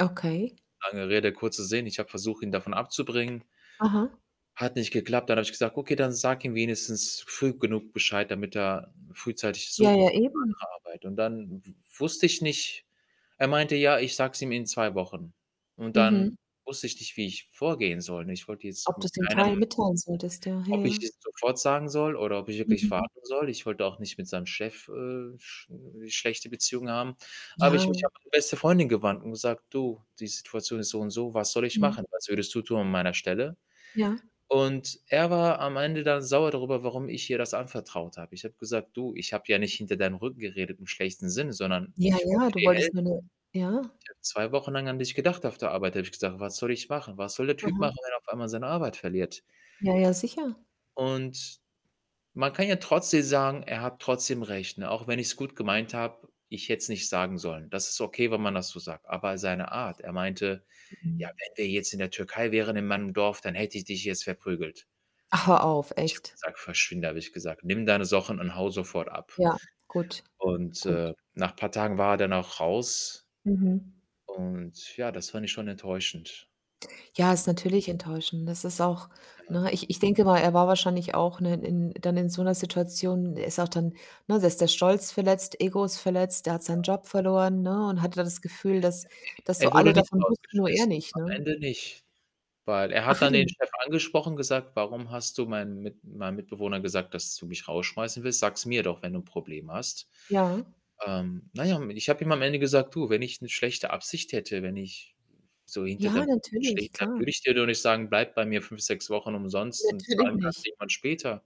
Okay. Lange Rede, kurzer Sinn, ich habe versucht, ihn davon abzubringen. Aha. Hat nicht geklappt. Dann hab ich gesagt: „Okay, dann sag ihm wenigstens früh genug Bescheid, damit er frühzeitig Ja, suchen ja, kann [unintelligible] eben. andere Arbeit.“ Und dann w wusste ich nicht er meinte: „Ja, ich sage es ihm in 2 Wochen.“ Und dann Mhm. wusste ich nicht, wie ich vorgehen soll und ich wollte jetzt Ob du's mit dem teil keinem mitteilen solltest, ja. Ja, Ob ja. ich es sofort sagen soll, oder ob ich wirklich Mhm. warten soll. Ich wollte auch nicht mit seinem Chef, äh, sch schlechte Beziehungen haben. Habe ich mich Ja. an meine beste Freundin gewandt und gesagt: „Du, die Situation ist so und so, was soll ich Mhm. machen? Was würdest du tun an meiner Stelle?“ Ja. Und er war am Ende dann sauer darüber, warum ich ihr das anvertraut habe. Ich habe gesagt: „Du, ich habe ja nicht hinter deinem Rücken geredet im schlechten Sinn, sondern Ja, ich wollte ja, du dir wolltest helfen“ nur 'ne ja. „Ich habe 2 Wochen lang an dich gedacht auf der Arbeit“, habe ich gesagt. „Was soll ich machen? Was soll der Typ Mhm. machen, wenn er auf einmal seine Arbeit verliert?“ Ja, ja, sicher. Und man kann ja trotzdem sagen, er hat trotzdem recht, ne? Auch wenn ich's gut gemeint habe, ich hätte es nicht sagen sollen. Das ist okay, wenn man das so sagt. Aber seine Art, er meinte: „Ja, [unintelligible] wenn wir jetzt in der Türkei wären, in meinem Dorf, dann hätte ich dich jetzt verprügelt.“ Ach, hör auf, Ich habe echt? gesagt „verschwinde" habe ich gesagt: „Nimm deine Sachen und hau sofort ab.“ Ja, gut, Und, gut. äh, nach paar Tagen war er dann auch raus. Mhm. Und, ja, das fand ich schon enttäuschend, Ja, ne? ist natürlich enttäuschend. Das ist auch Ja. ne? Ich ich denke mal, er war wahrscheinlich auch, ne, in dann in so 'ner Situation er ist auch dann ne? Da ist der Stolz verletzt, Ego ist verletzt, der hat seinen Ja. Job verloren, ne, und hat ja das Gefühl, dass dass so Er alle wurde nicht davon wussten, nur er rausgeschmissen nicht, am ne? Ende nicht. Weil er Ach, hat hat dann er den nicht? Chef angesprochen, gesagt: „Warum hast du meinem Mit meinem Mitbewohner gesagt, dass du mich rausschmeißen willst? Sag's mir doch, wenn du 'n Problem hast." Ja. Ähm, na ja, und ich habe ihm am Ende gesagt: „Du, wenn ich 'ne schlechte Absicht hätte, wenn ich so hinter Ja, deinem Rücken [unintelligible] natürlich, dann klar. würde ich dir doch nicht sagen: ‚Bleib bei mir 5, 6 Wochen umsonst und Natürlich zahlen kannst nicht. du irgendwann später.'“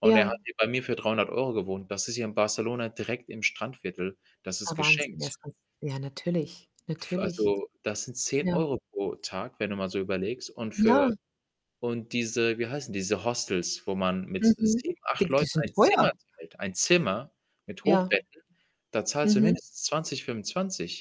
Und er Ja. hat hier bei mir für 300 € gewohnt. Das ist hier in Barcelona direkt im Strandviertel. Das ist Ah, Wahnsinn, geschenkt. [unintelligible] ja, natürlich, F natürlich. Also, dass sind zehn Ja. Euro pro Tag, wenn du mal so überlegst und für Ja. und diese, wie heißen diese Hostels, wo man mit Mhm. 7, 8 Die die Leuten sind ein Zimmer teuer. teilt, ein Zimmer mit Ja. Hochbetten, da zahlst du Mhm. mindestens 20 25.